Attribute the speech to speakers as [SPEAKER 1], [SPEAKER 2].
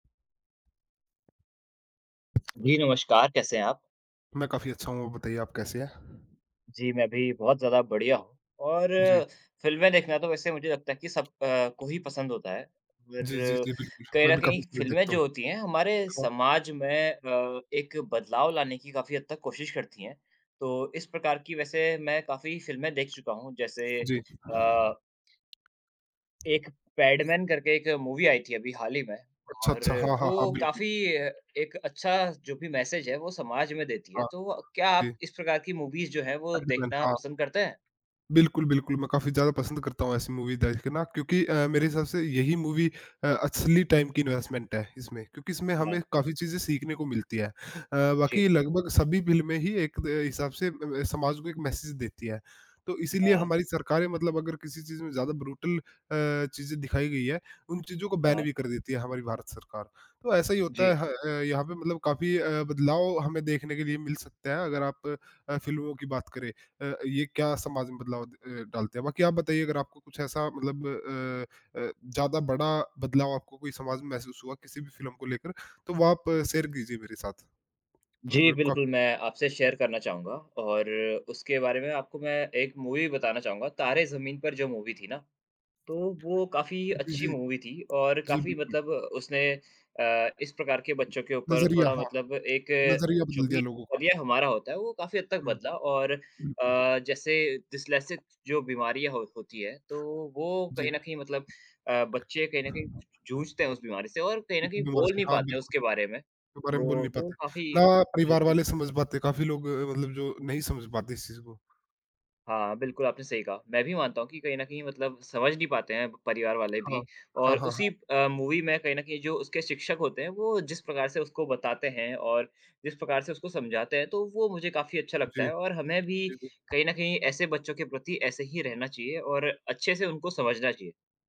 [SPEAKER 1] जी नमस्कार, कैसे हैं आप?
[SPEAKER 2] मैं काफ़ी अच्छा हूँ। बताइए आप कैसे हैं?
[SPEAKER 1] जी, मैं भी बहुत ज़्यादा बढ़िया हूँ और
[SPEAKER 2] जी।
[SPEAKER 1] फिल्में देखना तो वैसे मुझे लगता है कि सब अ, को ही पसंद होता है। और
[SPEAKER 2] जी, जी, जी। बिल्कुल।
[SPEAKER 1] कहीं
[SPEAKER 2] मैं
[SPEAKER 1] न
[SPEAKER 2] भी काफ़ी
[SPEAKER 1] कहीं
[SPEAKER 2] सीरीज़
[SPEAKER 1] फिल्में
[SPEAKER 2] देखता
[SPEAKER 1] जो
[SPEAKER 2] हूँ।
[SPEAKER 1] होती हैं, हमारे
[SPEAKER 2] हाँ।
[SPEAKER 1] समाज में अ, एक बदलाव लाने की काफ़ी हद तक कोशिश करती हैं। तो इस प्रकार की वैसे मैं काफ़ी फिल्में देख चुका हूँ। जैसे
[SPEAKER 2] जी।
[SPEAKER 1] अ एक पैडमैन करके एक मूवी आई थी अभी हाल ही में,
[SPEAKER 2] अच्छा,
[SPEAKER 1] और
[SPEAKER 2] अच्छा। हाँ, हाँ, हाँ।
[SPEAKER 1] वो
[SPEAKER 2] बिल्कुल।
[SPEAKER 1] काफ़ी एक अच्छा जो भी मैसेज है वो समाज में देती है।
[SPEAKER 2] हाँ।
[SPEAKER 1] तो क्या
[SPEAKER 2] जी।
[SPEAKER 1] आप इस प्रकार की मूवीज़ जो है वो
[SPEAKER 2] अरे! [unintelligible]
[SPEAKER 1] देखना
[SPEAKER 2] हाँ।
[SPEAKER 1] पसंद करते हैं?
[SPEAKER 2] बिल्कुल, बिल्कुल। मैं काफ़ी ज़्यादा पसंद करता हूँ ऐसी मूवीज़ देखना क्योंकि अ, मेरे हिसाब से यही मूवी अ, असली टाइम की इन्वेस्टमेंट है, इसमें क्योंकि इसमें हमें
[SPEAKER 1] हाँ।
[SPEAKER 2] काफ़ी चीज़ें सीखने को मिलती है। अ,
[SPEAKER 1] जी।
[SPEAKER 2] बाकी लगभग सभी फिल्में में ही एक द हिसाब से ब ब समाज को एक मैसेज़ देती हैं। तो इसीलिए
[SPEAKER 1] हाँ।
[SPEAKER 2] हमारी सरकारें मतलब अगर किसी चीज़ में ज़्यादा ब्रुटल अ, चीज़ें दिखाई गई है, उन चीज़ों को बैन भी
[SPEAKER 1] हाँ।
[SPEAKER 2] कर देती है हमारी भारत सरकार। तो ऐसा ही होता
[SPEAKER 1] जी।
[SPEAKER 2] है ह अ, यहाँ पे मतलब काफ़ी अ, बदलाव हमें देखने के लिए मिल सकता है, अगर आप अ, फिल्मों की बात करें, अ, ये क्या समाज में बदलाव अ, डालते हैं। बाकी आप बताइए अगर आपको कुछ ऐसा मतलब अ अ, ज़्यादा बड़ा बदलाव आपको कोई समाज में महसूस हुआ किसी भी फिल्म को लेकर, तो वो आप शेयर कीजिए मेरे साथ।
[SPEAKER 1] जी
[SPEAKER 2] मेरे क
[SPEAKER 1] बिल्कुल, मैं आपसे शेयर करना चाहूँगा, और उसके बारे में आपको मैं एक मूवी बताना चाहूँगा तारे ज़मीन पर जो मूवी थी ना, तो वो काफ़ी
[SPEAKER 2] जी,
[SPEAKER 1] अच्छी
[SPEAKER 2] जी।
[SPEAKER 1] मूवी थी और
[SPEAKER 2] जी
[SPEAKER 1] काफ़ी
[SPEAKER 2] बिल्कुल।
[SPEAKER 1] मतलब उसने अ, इस प्रकार के बच्चों के ऊपर
[SPEAKER 2] नज़रिया
[SPEAKER 1] थोड़ा
[SPEAKER 2] हाँ।
[SPEAKER 1] मतलब एक
[SPEAKER 2] नज़रिया
[SPEAKER 1] जो
[SPEAKER 2] बदल
[SPEAKER 1] भी
[SPEAKER 2] दिया लोगों का।
[SPEAKER 1] नज़रिया हमारा होता है वो काफ़ी हद तक
[SPEAKER 2] हुँ।
[SPEAKER 1] बदला। और
[SPEAKER 2] बिल्कुल।
[SPEAKER 1] अ, जैसे डिस्लेक्सिस जो बीमारियाँ हो होती है तो वो
[SPEAKER 2] जी।
[SPEAKER 1] कहीं न कहीं मतलब अ, बच्चे कहीं न कहीं जूझते हैं उस बीमारी से और कहीं न
[SPEAKER 2] उस
[SPEAKER 1] कहीं
[SPEAKER 2] बीमारी
[SPEAKER 1] बोल
[SPEAKER 2] से
[SPEAKER 1] नहीं
[SPEAKER 2] हाँ
[SPEAKER 1] पाते
[SPEAKER 2] बिल्कुल।
[SPEAKER 1] उसके बारे में,
[SPEAKER 2] इसके बारे में बोल
[SPEAKER 1] तो
[SPEAKER 2] नहीं
[SPEAKER 1] वो
[SPEAKER 2] पाते,
[SPEAKER 1] काफ़ी
[SPEAKER 2] ना परिवार
[SPEAKER 1] बिल्कुल।
[SPEAKER 2] वाले समझ पाते। काफ़ी लोग मतलब जो नहीं समझ पाते इस चीज़ को।
[SPEAKER 1] हाँ, बिल्कुल आपने सही कहा। मैं भी मानता हूँ कि कहीं न कहीं मतलब समझ नहीं पाते हैं परिवार वाले
[SPEAKER 2] हाँ।
[SPEAKER 1] भी
[SPEAKER 2] हाँ,
[SPEAKER 1] और
[SPEAKER 2] हाँ,
[SPEAKER 1] उसी
[SPEAKER 2] हाँ।
[SPEAKER 1] अ, मूवी में कहीं न कहीं जो उसके शिक्षक होते हैं वो जिस प्रकार से उसको बताते हैं और जिस प्रकार से उसको समझाते हैं, तो वो मुझे काफ़ी अच्छा लगता
[SPEAKER 2] जी।
[SPEAKER 1] है। और हमें भी
[SPEAKER 2] जी, जी।
[SPEAKER 1] कहीं न कहीं ऐसे बच्चों के प्रति ऐसे ही रहना चाहिए और अच्छे से उनको समझना चाहिए।